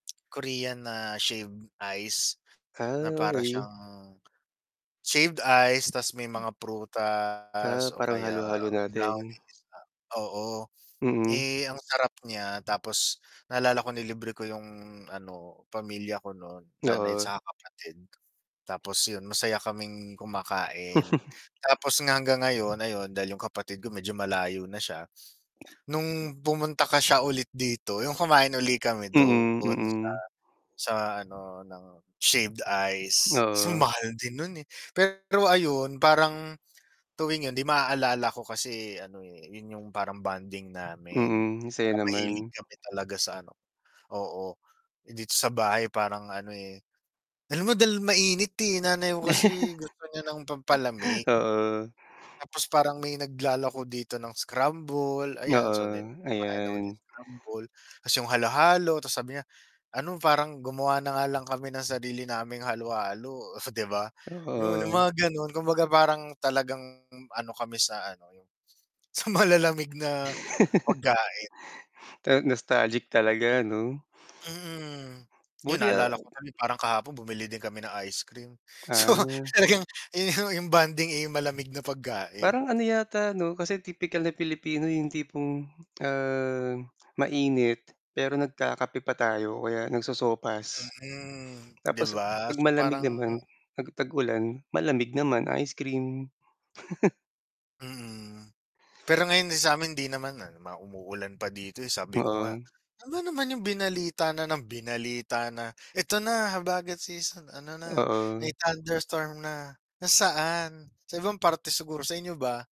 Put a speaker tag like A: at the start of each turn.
A: Korean na, shaved ice, na
B: Ah,
A: para
B: okey.
A: siyang, shaved ice tas may
B: M
A: mga
B: Ah,
A: prutas, o
B: parang
A: kaya
B: halo-halo natin.
A: brownies na oo,
B: Mm.
A: eh, ang sarap niya, tapos naalala ko nilibre ko yung ano, pamilya ko no'n, nanay
B: Oo.
A: saka kapatid. Tapos 'yon, masaya kaming kumakain. Tapos nga, hanggang ngayon, ayun, dahil yung kapatid ko medyo malayo na siya, no'ng pumunta ka siya, ulit dito, yung kumain uli kami
B: Mm,
A: do'n, sa
B: mm.
A: sa ano, ng shaved ice. So,
B: Oo.
A: mahal din no'n, eh, pero, ayun, parang tuwing 'yon, 'di maaalala ko kasi ano, eh, 'yon yung parang bonding namin.
B: Mm, ang saya
A: Na mahilig
B: naman.
A: kami talaga sa ano oo. Eh, dito sa bahay parang ano, eh alam mo dahil mainit, eh, nanay ko kasi, gusto niya ng pampalamig.
B: Ta oo.
A: Tapos, parang may naglalako dito ng scramble, ayan, so then,
B: Oo,
A: kumakain ako ng
B: ayan.
A: scramble, tas yung halo-halo, tas sabi niya, ano, parang gumawa na nga lang kami ng sarili naming halo-halo, oh, 'di ba? 'Yon, yung
B: Oo.
A: mga gano'n, kumbaga parang talagang ano kami sa ano yung, sa malalamig na pagkain.
B: Ta nostalgic talaga, ano?
A: Mm. 'Yon,
B: Buti a
A: naalala ko tuloy parang kahapon bumili din kami ng ice cream. So,
B: Ah.
A: talagang, ayun yung bonding, eh, yung malamig na pagkain.
B: Parang ano yata 'no, kasi tipikal na Pilipino yung tipong, ah, mainit, pero nagkakape pa tayo o kaya nagsosopas.
A: Mm, 'di
B: Tapos a
A: ba?
B: 'pag
A: So,
B: malamig
A: parang
B: naman, 'pag tag-ulan, malamig naman, ice cream.
A: Mm. Pero, ngayon yung sa'min 'di naman, ah, yung mga umuulan pa dito, eh, sabi ko nga,
B: Oo.
A: "Ano naman yung binalita na nang binalita na, 'Eto na, habagat season, ano na, may
B: Oo.
A: thunderstorm na.' Nasaan? Sa ibang parte siguro." sa inyo ba?